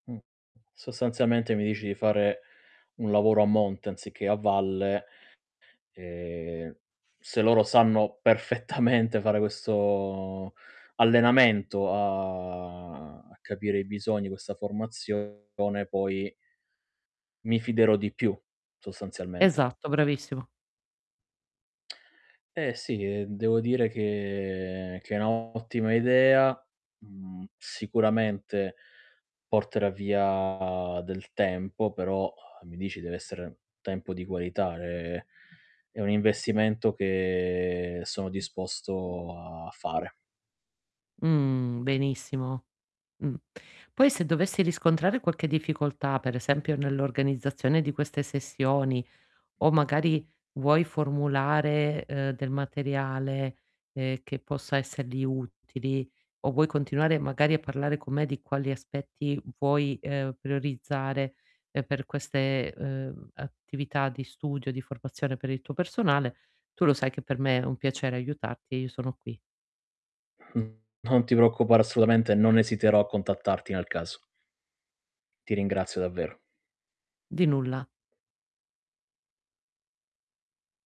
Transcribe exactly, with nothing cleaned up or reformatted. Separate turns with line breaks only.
Mh. Sostanzialmente, mi dici di fare un lavoro a monte anziché a valle. Ehm, se loro sanno perfettamente fare questo allenamento a capire i bisogni, questa formazione, poi mi fiderò di più, sostanzialment
Esatto. Bravissimo.
Eh, sì, ehm, devo dire che che è un' ottima idea. Mhmm, sicuramente porterà via del tempo, però mi dici deve essere un tempo di qualità, ehm, è un investimento che sono disposto a fare.
Mh. Benissimo. Mh. Poi, se dovessi riscontrare qualche difficoltà, per esempio nell'organizzazione di queste sessioni, o magari vuoi formulare, uhm, del materiale, ehm, che possa essergli utili, o vuoi continuare magari a parlare con me di quali aspetti vuoi, uhm, priorizzare, ehm, per queste, uhm, attività di studio, di formazione per il tuo personale, tu lo sai che per me è un piacere aiutarti e io sono qui.
Mh. Non ti preoccupare assolutamente, non esiterò a contattarti, nel caso. Ti ringrazio davvero.
Di nulla.